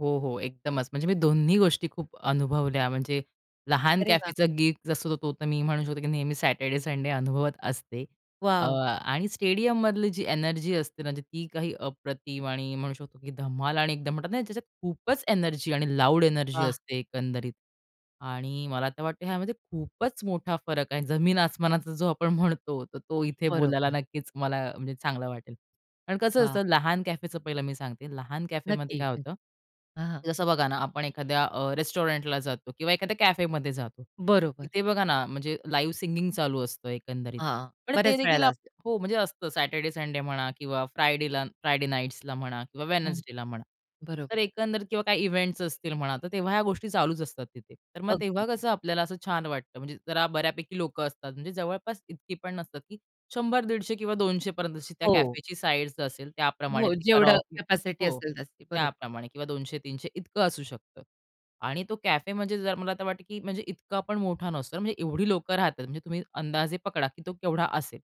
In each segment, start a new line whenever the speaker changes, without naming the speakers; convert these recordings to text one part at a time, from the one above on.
हो, हो. एकदमच, म्हणजे मी दोन्ही गोष्टी खूप अनुभवल्या, म्हणजे लहान
अरे वाह!
कॅफेचा गिग जसं तो तर मी म्हणू शकतो की नेहमी सॅटरडे, संडे अनुभवत असते. अ,
वाव!
आणि स्टेडियममधली जी एनर्जी असते ना, ती काही अप्रतिम आणि म्हणू शकतो की धमाल आणि एकदम म्हणतात नाही त्याच्यात खूपच एनर्जी आणि लाऊड एनर्जी
वाह!
असते एकंदरीत आणि मला तर वाटतं ह्यामध्ये खूपच मोठा फरक आहे. जमीन आसमानाचा, जो आपण म्हणतो, तर तो इथे बोलायला
बरोबर.
नक्कीच मला, म्हणजे चांगला वाटेल. कारण कसं
वाह!
असतं? लहान कॅफेचं पहिलं मी सांगते, लहान कॅफेमध्ये
नक्की.
काय
हं.
होतं?
हं.
जसं बघा ना, आपण एखाद्या अ, रेस्टॉरंटला जातो किंवा एखाद्या कॅफेमध्ये जातो.
बरोबर.
तिथे बघा ना, म्हणजे लाईव्ह सिंगिंग चालू असतं, एकंदरीत.
हां,
पण ते
बऱ्याच
देखील
वेळेला
आप
असतं.
हो, म्हणजे असतं सॅटरडे, संडे म्हणा किंवा फ्रायडेला फ्रायडे नाईट्सला म्हणा किंवा
हं.
वेडनेसडेला म्हणा. तर
बरोबर.
एकंदरीत किंवा काही इव्हेंट्स असतील म्हणा, तर तेव्हा ह्या गोष्टी चालूच असतात तिथे. तर मग तेव्हा
अगदी.
कसं आपल्याला असं छान वाटतं, म्हणजे जरा बऱ्यापैकी लोकं असतात. म्हणजे जवळपास इतकी पण नसतात की 100-150 किंवा 200 पर्यंतची, जशी त्या
हो.
कॅफेची साईझ असेल त्याप्रमाणे
हो,
ते
जेवढं
कराओके
कॅपॅसिटी
हो,
असेल जास्ती. बरोबर.
त्याप्रमाणे किंवा 200-300 इतकं असू शकतं. आणि तो कॅफे, म्हणजे जर मला तर वाटतं की म्हणजे इतकंपण मोठा नसतो. म्हणजे एवढी लोकं राहतात, म्हणजे तुम्ही अंदाजे पकडा की तो केवढा असेल?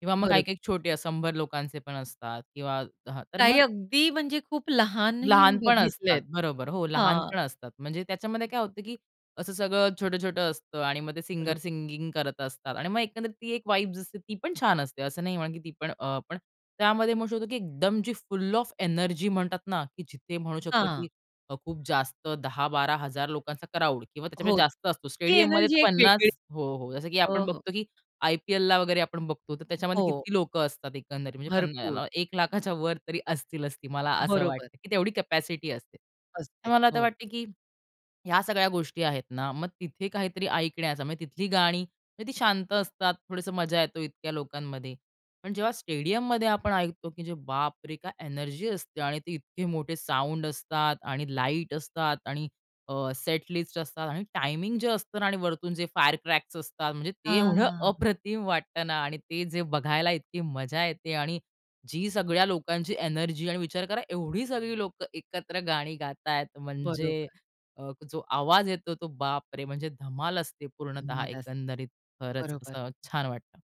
किंवा मग
बरोबर.
काही-काही छोटे 100 लोकांचे पण असतात किंवा हा तर मग
काही अगदी, म्हणजे खूप लहानही मी
लहान पण
बघितले
असतात,
आहेत.
बरोबर, हो.
हां.
लहानपण असतात. म्हणजे त्याच्यामध्ये काय होतं कि असं सगळं छोटं-छोटं असतं आणि मग ते
बरोबर.
सिंगर सिंगिंग करत असतात. आणि मग एकंदरीत ती एक वाइब असते ती पण छान असते. असं नाही म्हणत की ती पण अ, पण त्यामध्ये होतो की एकदम जी, "फुल ऑफ एनर्जी" म्हणतात ना की जिथे म्हणू शकतो
हां.
की अ, खूप जास्त 10000-12000 लोकांचा क्राउड किंवा
हो.
त्याच्यापेक्षा जास्त असतो.
ती
स्टेडियममध्ये
एनर्जी
तर
एक वेगळीच
50 हो, हो जसं की
हो,
आपण
हो.
बघतो की आय-पी-एलला वगैरे आपण बघतो, तर त्याच्यामध्ये
हो.
किती लोकं असतात एकंदरीत, म्हणजे पण
भरपूर.
याला 1 लाखाच्या वर तरी असतीलच ती, मला असं
बरोबर.
वाटतं की तेवढी कॅपॅसिटी असते. तर
असते,
मला आता
हो.
वाटते की ह्या सगळ्या गोष्टी आहेत ना, मग तिथे काहीतरी ऐकण्याचा म्हणजे तिथली गाणी म्हणजे ती शांत असतात. थोडंसं मजा येतो इतक्या लोकांमध्ये. पण जेव्हा स्टेडियममध्ये आपण ऐकतो की बापरे! काय एनर्जी असते आणि ते इतके मोठे साउंड असतात आणि लाईट असतात आणि अ, सेट लिस्ट असतात आणि टायमिंग जे असतं ना आणि वरतून जे फायर क्रॅक्स असतात म्हणजे ते एवढं
हां.
अप्रतिम वाटत ना आणि ते जे बघायला इतकी मजा येते आणि जी सगळ्या लोकांची एनर्जी आणि विचार करा एवढी सगळी लोकं एकत्र गाणी गात आहेत. म्हणजे
बरोबर.
अ, जो आवाज येतो तो बापरे! म्हणजे धमाल असते पूर्णतः
धमाल असते.
एकंदरीत खरंच
बरोबर.
असं छान वाटतं.